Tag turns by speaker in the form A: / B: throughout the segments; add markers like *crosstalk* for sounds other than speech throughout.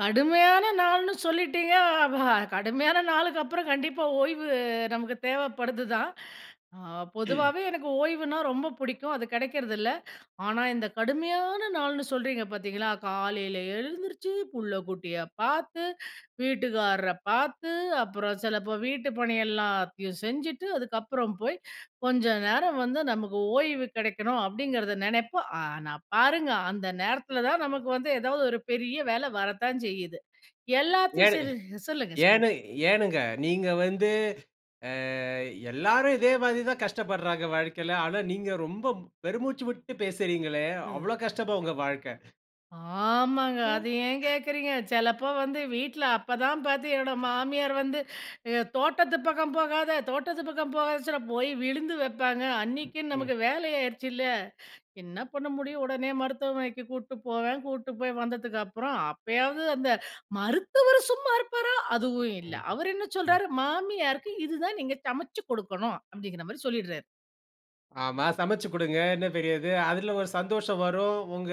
A: கடுமையான நாள்ன்னு சொல்லிட்டீங்க? அப்பா, கடுமையான நாளுக்கப்பறம், கண்டிப்பா ஓய்வு நமக்கு தேவைப்படுதுதான். ஆ பொதுவாவே எனக்கு ஓய்வுன்னா ரொம்பப் பிடிக்கும் அது கடைக்றது இல்ல. ஆனா, இந்த கடுமையான நாள்ன்னு சொல்றீங்க பாத்தீங்களா, காலைல எழுந்திருச்சு, பிள்ளைக்குட்டியப் பாத்து, வீட்டுக்காரரப் பாத்து, அப்புறம் சிலப்போ வீட்டுப்பணியெல்லாத்தையும் செஞ்சிட்டு, அதுக்கப்புறம் போய் கொஞ்ச நேரம் வந்து நமக்கு ஓய்வு கெடைக்கணும், அப்டிங்கிறத நெனைப்போம், ஆனா பாருங்க, அந்த நேரத்துலதான் நமக்கு வந்து ஏதாவது ஒரு பெரிய வேல வரத்தான் செய்யுது. எல்லாத்தையும்
B: ஏன்?
A: சரி சொல்லுங்க,
B: ஏன்னு?
A: சொல்லுங்க.
B: ஏனுங்க, நீங்க வந்து, அ எல்லாரும் இதே மாரிதான் கஷ்டப்படுறாங்க வாழ்க்கைல, ஆனா நீங்க ரொம்ப பெருமூச்சு விட்டுப் பேசுறீங்களே,
A: ம்.
B: அவ்ளோ கஷ்டமா உங்க வாழ்க்க?
A: ஆமாங்க,
B: அ.
A: அத ஏன் கேட்கிறீங்க, செலப்போ வந்து வீட்ல அப்பதான் பார்த்தீங்கன்னா, என் மாமியார் வந்து, தோட்டத்துப் பக்கம் போகாத, தோட்டத்துப் பக்கம் போகாதன்னுறப்போ, போய் விழுந்து வைப்பாங்க, அன்னைக்குன்னு
B: ம்.
A: நமக்கு வேலை ஆயிருச்சுல்ல? என்ன பண்ண முடியும்? உடனே மருத்துவமனைக்குக் கூட்டுப் போவேன், கூட்டுப் போய் வந்ததுக்கப்புறம், அப்பயாவது அந்த மருத்துவர் சும்மா இருப்பாரா? அதுவும் இல்ல,
B: ம்.
A: அவரு என்ன
B: அ.
A: சொல்றாரு, மாமியாருக்கு இதுதான் நீங்க சமச்சு குடுக்கணும் அப்டிங்கிற மாரி சொல்லிடுறாரு.
B: ஆமா. சமச்சு குடுங்க என்ன பெரியது? அதுல ஒரு சந்தோஷம் வரும். உங்க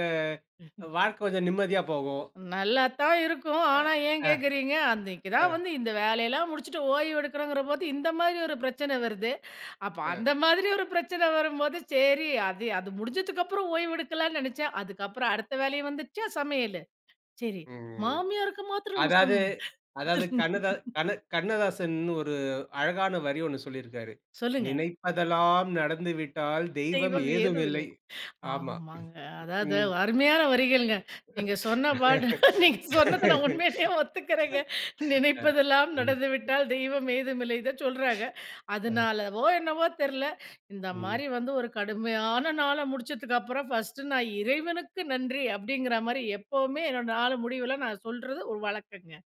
A: *chuckles*
B: வாழ்க்க கொஞ்சம் நிம்மதியா போகும்.
A: நல்லாத்தான் இருக்கும்.
B: அ.
A: ஆனா, ஏன்
B: அ.
A: கேட்குறீங்க? அன்னிக்குதான்
B: அ.
A: வந்து இந்த வேலையெல்லாம் முடிச்சிட்டு ஓய்வெடுக்கணும்ங்கிறபோது, இந்த மாரி ஒரு பிரச்சன வருது. அப்ப
B: அ.
A: அந்த மாதிரி ஒரு பிரச்சன வரும்போது, சரி அது அது முடிஞ்சதுக்கப்புறம் ஓய்வெடுக்கலாம்ன்னு நெனச்சேன். அதுக்கப்புறம் அடுத்த வேலையும் வந்துடுச்சா சமையல். சரி
B: ம்.
A: மாமியாருக்கு மாத்திரம் சமை
B: அதாவது அதாவது கண்ணதா கண்ண
A: *laughs*
B: கண்ணதாசன்னு ஒரு அழகான வரி ஒன்ணு சொல்லியிருக்கிறாரு,
A: சொல்லுங்க.
B: "நினைப்பதெல்லாம் நடந்துவிட்டால் தெய்வம்
A: தெய்வம்
B: ஏதுமில்லை,"
A: ஏதுமில்லை.
B: ஆமா.
A: ஆமாங்க, அதாவது,
B: ம்.
A: அருமையான வரிகள்ங்க, நீங்க சொன்ன பாட்டு. *laughs* நீங்க சொன்னத நான் உண்மையிலேயே ஒத்துக்குறேங்க.
B: *laughs* அ
A: "நினைப்பதெல்லாம்
B: ம்.
A: நடந்துவிட்டால் தெய்வம் ஏதுமில்லை," இதச்சொல்றாங்க.
B: அ.
A: அதனாலவோ என்னவோ தெர்ல, இந்த
B: ம்.
A: மாரி வந்து ஒரு கடுமையான நாள முடிச்சதுக்கப்புறம், நான் 1 இறைவனுக்கு நன்றி, அப்டிங்கிற மாரி எப்பவுமே என் நாள் முடிவுல நான் சொல்றது ஒரு வழக்கம்ங்க.